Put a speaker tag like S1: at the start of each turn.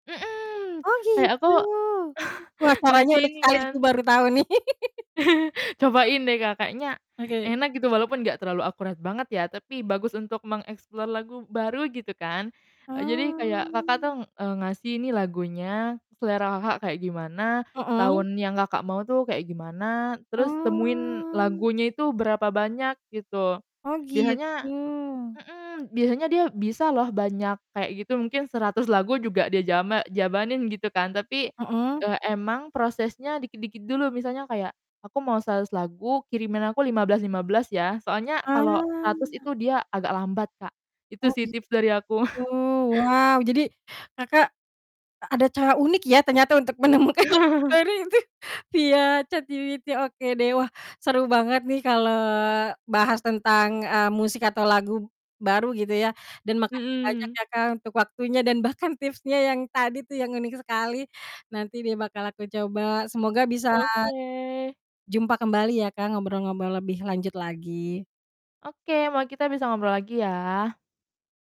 S1: Mhm,
S2: Oh
S1: kayak aku
S2: gitu, wah sarannya
S1: ngasih
S2: unik
S1: ini
S2: sekali aku
S1: kan.
S2: baru tahu nih.
S1: Cobain deh Kakaknya,
S2: Oke.
S1: enak gitu walaupun gak terlalu akurat banget ya tapi bagus untuk mengeksplor lagu baru gitu kan, jadi kayak Kakak
S2: Oh.
S1: tuh, ng eee, ngasih ini lagunya selera Kakak kayak gimana,
S2: Mhm.
S1: tahun yang Kakak mau tuh kayak gimana terus temuin
S2: Oh.
S1: lagunya itu berapa banyak gitu,
S2: Oh
S1: biasanya
S2: gitu.
S1: mhm, biasanya dia bisa loh banyak kayak gitu mungkin 100 lagu juga dia jama jabanin gitu kan tapi,
S2: Mhm.
S1: eee, emang prosesnya dikit-dikit dulu misalnya kayak, aku mau 100 lagu kirimin aku 15, 15 ya soalnya kalau
S2: Ah.
S1: 100 itu dia agak lambat Kak, itu
S2: Oh
S1: sih tips dari aku.
S2: gitu. wow jadi, Kakak, a ada cara unik ya ternyata untuk menemukan [unintelligible] iya ChatGPT ya oke deh wah, seru banget nih kalau bahas tentang, eee, musik atau lagu baru gitu ya dan makasih banyak
S1: Mhm.
S2: ya Kak untuk waktunya dan bahkan tipsnya yang tadi tuh yang unik sekali, nanti deh bakal aku coba semoga bisa,
S1: Oke.
S2: jumpa kembali ya Kak ngobrol-ngobrol lebih lanjut lagi.
S1: Oke moa kita bisa ngobrol lagi ya.